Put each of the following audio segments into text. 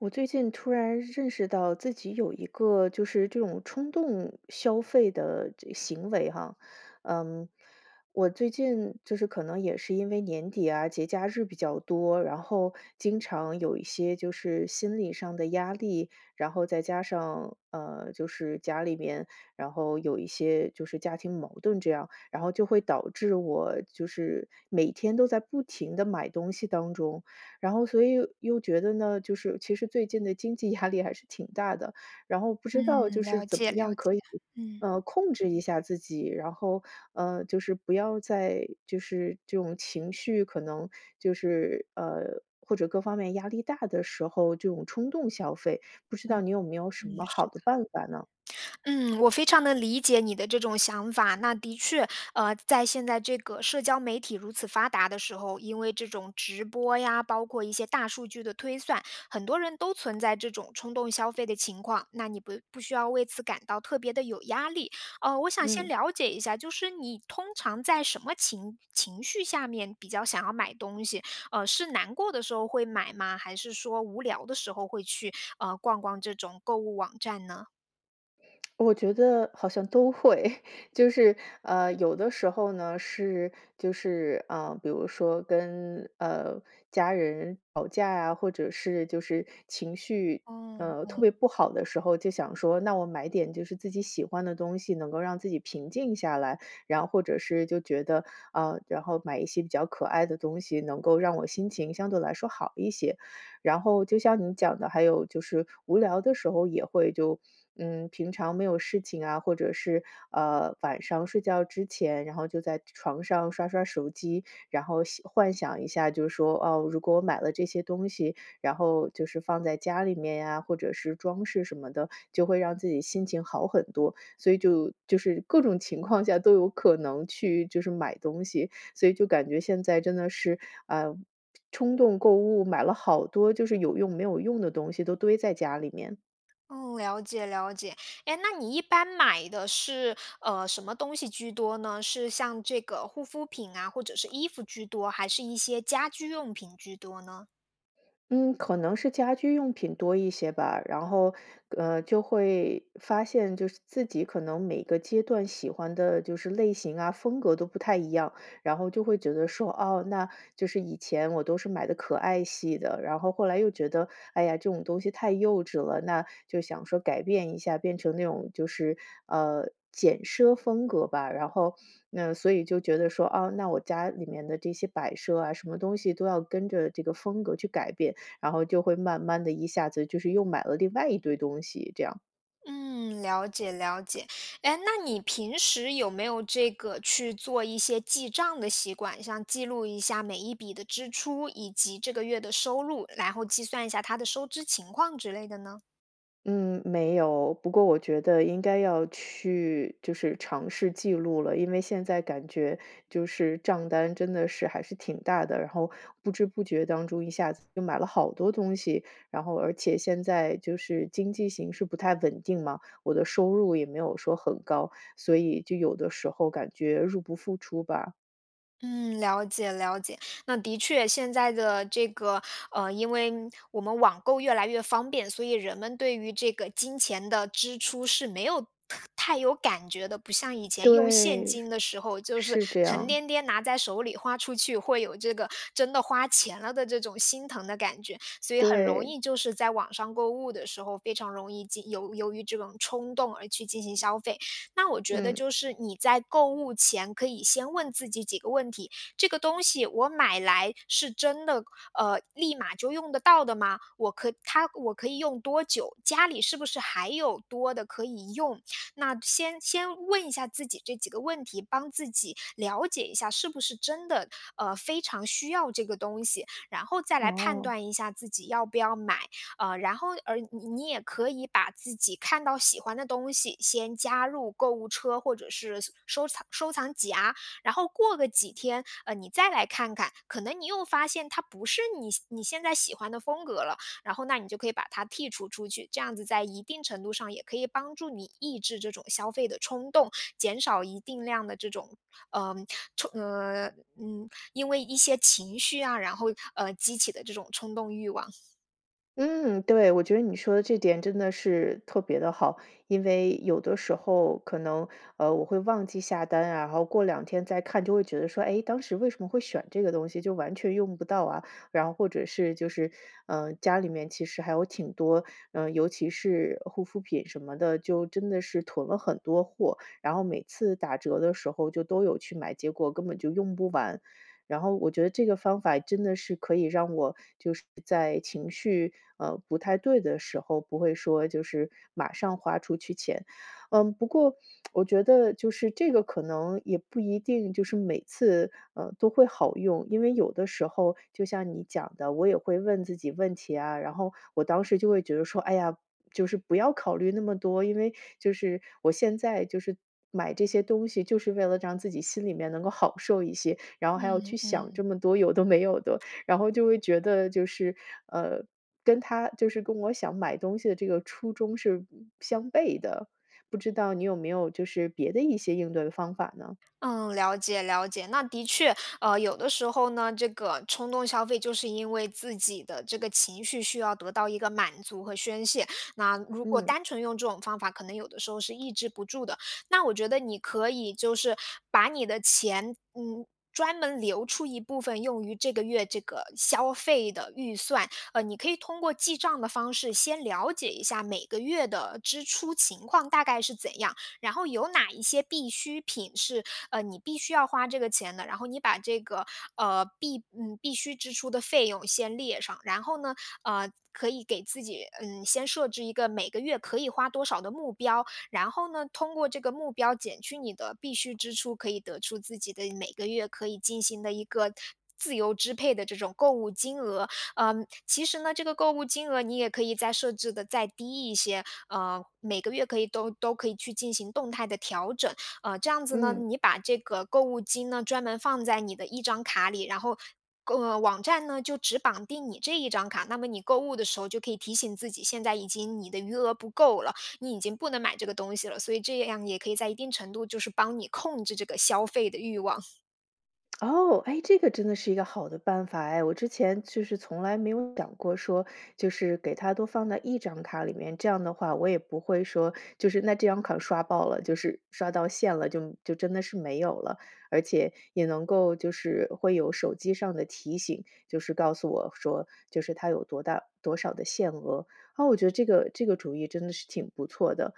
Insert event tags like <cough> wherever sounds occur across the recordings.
我最近突然认识到自己有一个就是这种冲动消费的这行为哈，嗯，我最近就是可能也是因为年底啊，节假日比较多，然后经常有一些就是心理上的压力。然后再加上，呃，就是家里面，然后有一些，就是家庭矛盾这样。然后就会导致我，就是每天都在不停地买东西当中，然后所以，又觉得呢，就是其实最近的经济压力还是挺大的，然后不知道嗯，就是了怎么解，了样可解，以，嗯。呃，控制一下自己。然后呃，就是不要在就是这种情绪，可能就是呃，或者各方面压力大的时候这种冲动消费，不知嗯，道你有没有嗯，什么好是的。的办法呢？嗯。嗯，我非常能理解你的这种想法。那的确，呃，在现在这个社交媒体如此发达的时候，因为这种直播呀，包括一些大数据的推算，很多人都存在这种冲动消费的情况。那你不不需要为此感到特别地有压力。嗯，我想先嗯。了解一下，就是你通常在什么情情绪下面比较想要买东西，呃，是难过的时候会买吗？还是说无聊的时候会去，嗯，逛逛这种购物网站呢？我觉得好像都会，就是，呃，有的时候呢是就是，啊，比如说跟，呃，家人吵架呀，或者是，就是情绪，嗯，呃，特嗯。别不好的时候，就想说，那我买点，就是自己喜欢的东西，能够让自己平静下来，然后或者是就觉得，啊，然后买一些比较可爱的东西，能够让我心情相对来说好一些。然后就像你讲的，还有就是无聊的时候也会就嗯，平常没有事情啊，或者是，呃，晚上睡觉之前，然后就在床上刷刷手机，然后想幻想一下就说：“哦，如果我买了这些东西，然后就是放在家里面呀，或者是装饰什么的，就会让自己心情好很多。”所以就就是各种情况下，都有可能去就是买东西，所以就感觉现在真的是，啊，冲动购物买了好多，就是有用、没有用的东西都堆在家里面。嗯，了解了解，哎，那你一般买的是，呃，什么东西居多呢？是像这个护肤品啊，或者是衣服居多，还是一些家居用品居多呢？嗯，可能是家居用品多一些吧。然后，呃，就会发现就是自己可能每个阶段喜欢的就是类型啊、风格都不太一样。然后就会觉得说：“哦，那，就是以前我都是买的可爱系的。”然后后来又觉得：“哎呀，这种东西太幼稚了。”那，就想说改变一下，变成那种就是，呃，简奢风格吧。然后嗯，所以就觉得说：“啊，那我家里面的这些摆设啊，什么东西都要跟着这个风格去改变。”然后就会慢慢地一下子就是又买了另外一堆东西，这样。嗯。了解，了解。诶，那你平时有没有这个去做一些记账的习惯？像记录一下每一笔的支出，以及这个月的收入，然后计算一下它的收支情况之类的呢？嗯，没有。不过我觉得应该要去，就是尝试记录了，因为现在感觉，就是账单真的是，还是挺大的。然后不知不觉当中一下子又买了好多东西，然后而且现在就是经济形势不太稳定嘛，我的收入也没有说很高，所以就有的时候感觉入不敷出吧。嗯，了解，了解。那的确现在的这个，呃，因为我们网购越来越方便，所以人们对于这个金钱的支出是没有太太有感觉的。不像以前用现对，金是的时候，就是是这沉样。甸甸拿在手里花出去，会有这个真的花钱了的这种心疼的感觉。所以很容对。易就是在网上购物的时候，非常容易进由由于这种冲动而去进行消费。那我觉得嗯。就是你在购物前可以先问自己几个问题，这个东西我买来是真的，呃，立马就用得到的吗？我可它，我可以用多久？家里是不是还有多的可以用？那先先问一下自己这几个问题，帮自己了解一下是不是真的，呃，非常需要这个东西？然后再来判哦。断一下自己要不要买。呃，然后，呃，你你也可以把自己看到喜欢的东西先加入购物车，或者是搜收藏收藏夹，然后过个几天，呃，你再来看看，可能你又发现它不是你现你现在喜欢的风格了，然后那你就可以把它剔除出去。这样子在一定程度上也可以帮助你抑制这种消费的冲动，减少一定量的这种，呃冲呃，嗯，因为一些情绪啊，然后，呃，激起的这种冲动欲望。嗯，对，我觉得你说的这点真的是特别地好。因为有的时候可能，呃，我会忘记下单啊，然后过两天再看就会觉得说，哎，当时为什么会选这个东西，就完全用不到啊，然后或者是就是，呃，家里面其实还有挺多，嗯，尤其是护肤品什么的，就真的是囤了很多货，然后每次打折的时候就都有去买，结果根本就用不完。然后我觉得这个方法真的是可以让我就是在情绪，呃，不太对的时候，不会说就是马上花出去钱。嗯，不过 <smacks lips> 我觉得就是这个可能也不一定就是每次，呃，都会好用，因为有的时候就像你讲的，我也会问自己问题啊，然后我当时就会觉得说：“哎呀，就是不要考虑那么多。”因为就是我现在就是，买这些东西就是为了让自己心里面能够好受一些，然后还要嗯，去想嗯。这么多有的没有的，然后就会觉得就是，呃，跟它就是跟我想买东西的这个初衷是，嗯，相悖的，不知道你有没有就是别的一些应对的方法呢？嗯，了解了解。那的确，呃，有的时候呢，这个冲动消费就是因为自己的这个情绪需要得到一个满足和宣泄，那如果嗯。单纯用这种方法，可能有的时候是抑制不住的。那我觉得你可以就是把你的钱，嗯，专门留出一部分用于这个月这个消费的预算。呃，你可以通过记账的方式先了解一下每个月的支出情况大概是怎样，然后有哪一些必需品是，呃，你必须要花这个钱的，然后你把这个，呃，必嗯，必需支出的费用先列上，然后呢，呃，可以给自己，嗯，先设置一个每个月可以花多少的目标，然后呢，通过这个目标减去你的必需支出，可以得出自己的每个月可以进行的一个自由支配的这种购物金额。呃，其实呢，这个购物金额你也可以再设置得再低一些，呃，每个月可以都都可以去进行动态的调整。呃，这样子呢，嗯。你把这个购物金呢，专门放在你的一张卡里，然后购呃，网站呢，就只绑定你这一张卡，那么你购物的时候就可以提醒自己，现在已经你的余额不够了，你已经不能买这个东西了，所以这样也可以在一定程度就是帮你控制这个消费的欲望。哦，哎，这个真的是一个好的办法哎，我之前就是从来没有想过说，就是给它都放在一张卡里面，这样的话我也不会说就是那这张卡刷爆了，就是刷到线了，就就真的是没有了，而且也能够就是会有手机上的提醒，就是告诉我说，就是它有多大多少的限额。啊，我觉得这个这个主意真的是挺不错的。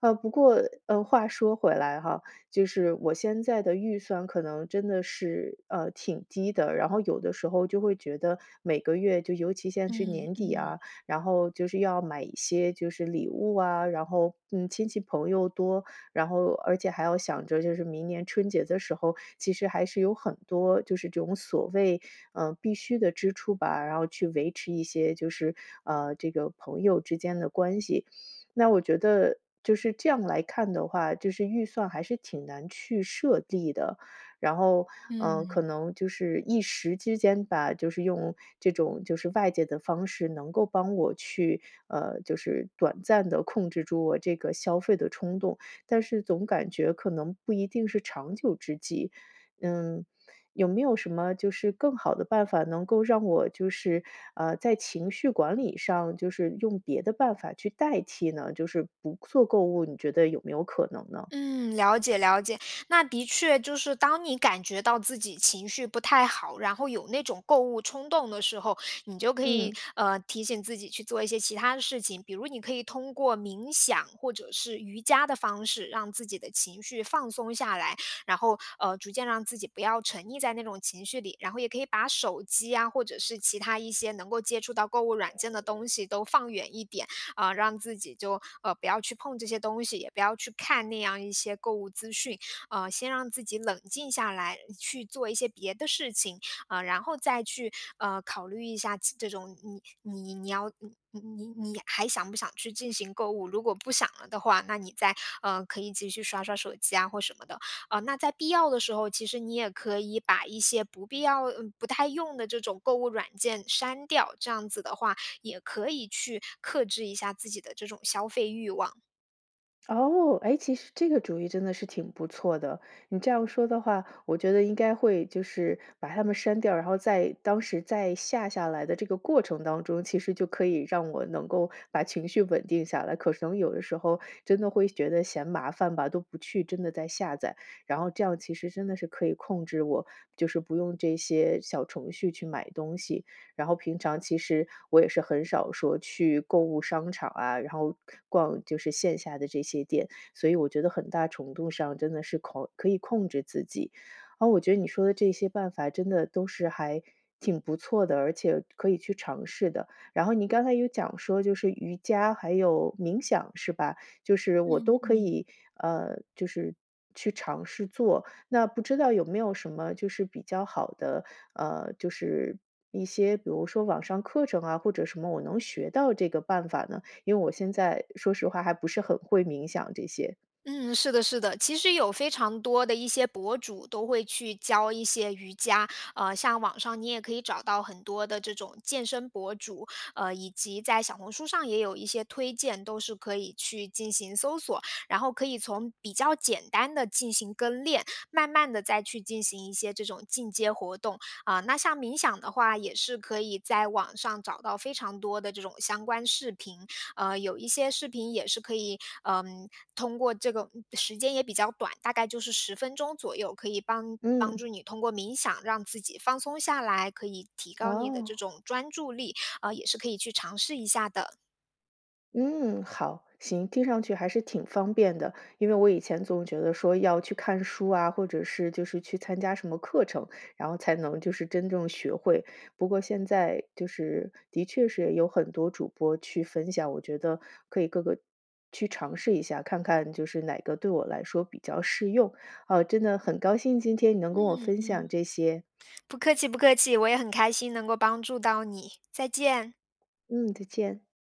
啊，不过，呃，话说回来哈，就是我现在的预算可能真的是，啊，挺低的，然后有的时候就会觉得每个月就尤其现在是嗯，年底嗯。呀，然后就是要买一些就是礼物啊，然后，嗯，亲戚朋友多，然后而且还要想着就是明年春节的时候，其实还是有很多就是这种所谓，嗯，必需的支出吧，然后去维持一些就是，啊，这个朋友之间的关系。那我觉得就是这样来看的话，就是预算还是挺难去设计的，然后呃，可嗯。能就是一时之间吧，就是用这种就是外界的方式能够帮我去呃，就是短暂地控制住我这个消费的冲动，但是总感觉可能不一定是长久之计。嗯，有没有什么就是更好的办法能够让我就是，呃，在情绪管理上就是用别的办法去代替呢，就是不做购物，你觉得有没有可能呢？嗯，了解，了解，那的确就是当你感觉到自己情绪不太好，然后有那种购物冲动的时候，你就可以，嗯。呃，提醒自己去做一些其它的事情，比如你可以通过冥想或者是瑜伽的方式，让自己的情绪放松下来，然后，呃，逐渐让自己不要沉溺在那种情绪里，然后也可以把手机呀，或者是其它一些能够接触到购物软件的东西都放远一点，呃，让自己就，啊，不要去碰这些东西，不要去看那样一些购物资讯，呃，先让自己冷静下来，去做一些别的事情，呃，然后再去，呃，考虑一下其这种你你你要你你你你还想不想去进行购物，如果不想了的话，那你再，呃，可以继续刷刷手机啊或什么的。啊那在必要的时候，其实你也可以把一些不必要呃，不太用的这种购物软件删掉，这样子的话，也可以去克制一下自己的这种消费欲望。哦，哎，其实这个主意真的是挺不错的，你这样说的话，我觉得应该会就是把它们删掉，然后在当时在下下来的这个过程当中，其实就可以让我能够把情绪稳定下来，可是能有的时候真的会觉得嫌麻烦吧，都不去真的在下载，然后这样其实真的是可以控制我就是不用这些小程序去买东西。然后平常其实我也是很少说去购物商场啊，然后逛就是线下的这些店，所以我觉得很大程度上真的是可可以控制自己。嗯，我觉得你说的这些办法真的都是还挺不错的，而且可以去尝试的。然后你刚才有讲说就是瑜伽还有冥想是吧？就是我嗯，都可嗯。以，呃，就是去尝试做，那不知道有没有什么，就是比较好的，呃，就是一些，比如说网上课程啊，或者什么我能学到这个办法呢？因为我现在说实话还不是很会冥想这些。嗯，是的是的，其实有非常多的一些博主都会去教一些瑜伽。呃，像网上你也可以找到很多的这种健身博主，呃，以及在小红书上也有一些推荐，都是可以去进行搜索。然后可以从比较简单的进行跟练，慢慢地再去进行一些这种进阶活动。啊，那像冥想的话，也是可以在网上找到非常多的这种相关视频，呃，有一些视频也是可以，呃，通过这个时间也比较短，大概就是10分钟左右，可以帮帮嗯。助你通过冥想让自己放松下来，可以提高你的这哦。种专注力，啊，也是可以去尝试一下的。嗯，好，行，听上去还是挺方便的。因为我以前总觉得说要去看书啊，或者是，就是去参加什么课程，然后才能，就是真正学会，不过现在，就是，的确是有很多主播去分享，我觉得可以各个去尝试一下，看看就是哪个对我来说比较适用。啊，真的很高兴今天你能跟嗯，嗯，我分享这些。不客气不客气，我也很开心能够帮助到你，再见。嗯，再见。